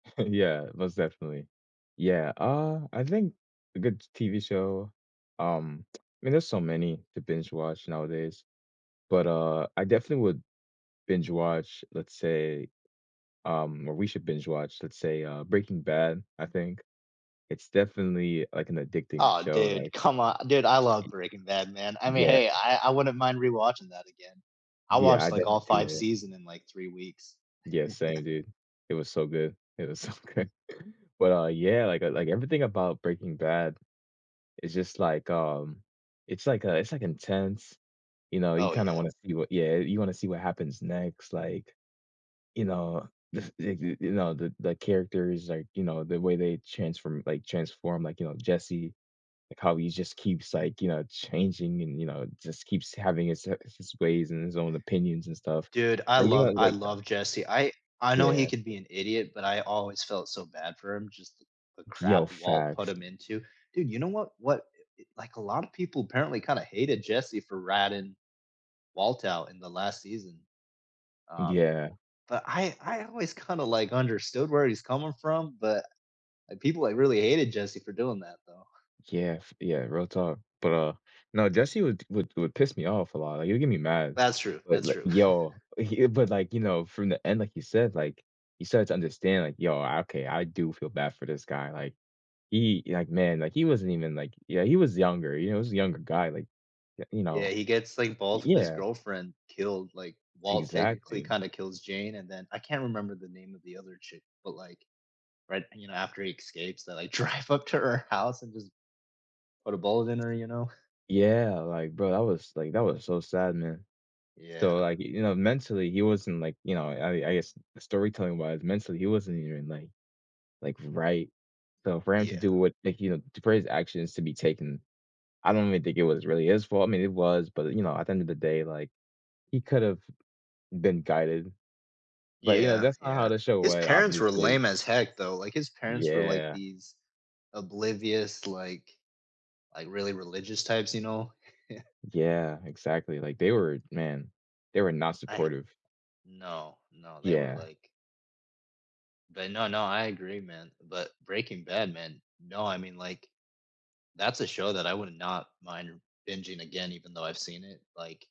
Yeah. Most definitely. Yeah, uh, I think a good TV show, um, I mean, there's so many to binge watch nowadays, but, uh, I definitely would binge watch, let's say, um or we should binge watch, let's say, uh, Breaking Bad, I think. It's definitely, like, an addicting Oh, show. Like dude. Come on. Dude, I love E Breaking Bad, man. I mean, yeah. hey. I I wouldn't mind rewatching that again. I Yeah. I watched, like, def all 5 yeah. season in, like, 3 weeks. Yeah. Same, dude. It was so good. It was so good. But, uh, yeah, like like, everything about Breaking Bad is just, like, um, it's, like, a it's like intense, you know? You Oh, kinda yeah. wanna see what yeah. You wanna see what happens next. Like, you know, the the, you know, the the characters, like, you know, the way they transform, like transform, like, you know, Jesse, like how he just keeps, like, you know, changing and, you know, just keeps having his, uh, his ways and his own opinions and stuff. Dude, I Are you love gonna, I like love Jesse. I I know he Yeah. could be an idiot, but I always felt so bad for him. Just the Yo, crap Walt put facts. him into. Dude, you know what what? Like, eh, a lot of people apparently kinda hated Jesse for ratting Walt out in the last season. Um, Yeah. but I I always kinda, like, understood where he's coming from. But, like, people, uh, really hated Jesse for doing that, though. Yeah, f yeah. Real talk. But, uh, no, Jesse would would would piss me off a lot. Like, he'd get me mad. That's true. But, That's like, true. yo, he, but, like, you know, from the end, like you said, like, he started to understand, like, yo, okay. I do feel bad for this guy. Like, he like, man, like, he wasn't even, like, yeah. He was younger. You know, he was a younger guy. Like, eh, you Yeah. know? He gets, like, both of his Yeah. girlfriend killed. Like, Walt technically Exactly. kinda kills Jane, and then I can't remember the name of the other chick. But, like, right, you know, after he escapes, they, like, drive up to her house and just put a bullet in her, you know? Yeah. Like, bro, that was, like, that was so sad, man. So, Yeah. like, you know, mentally, he wasn't, like you know, I I guess, storytelling wise, mentally, he wasn't even, like like, right. So for him to Yeah. do what like, you know, to put his actions to be taken, I don't really think it was really his fault. I mean, it was. But, you know, at the end of the day, like, he could have been guided. But, you know, Yeah. that's not how Yeah. to show His went, parents were obviously. lame as heck, though. Like, his parents were, like, Yeah. these oblivious, like like, really religious types, you know? Yeah. Yeah. Exactly. Like, they were man, they were not I supportive. No, no. They were, Yeah. like But no, no, I agree, man. But, Breaking Bad, man. No. I mean, like, that's a show that I would not mind bingeing again, even though I've seen it, like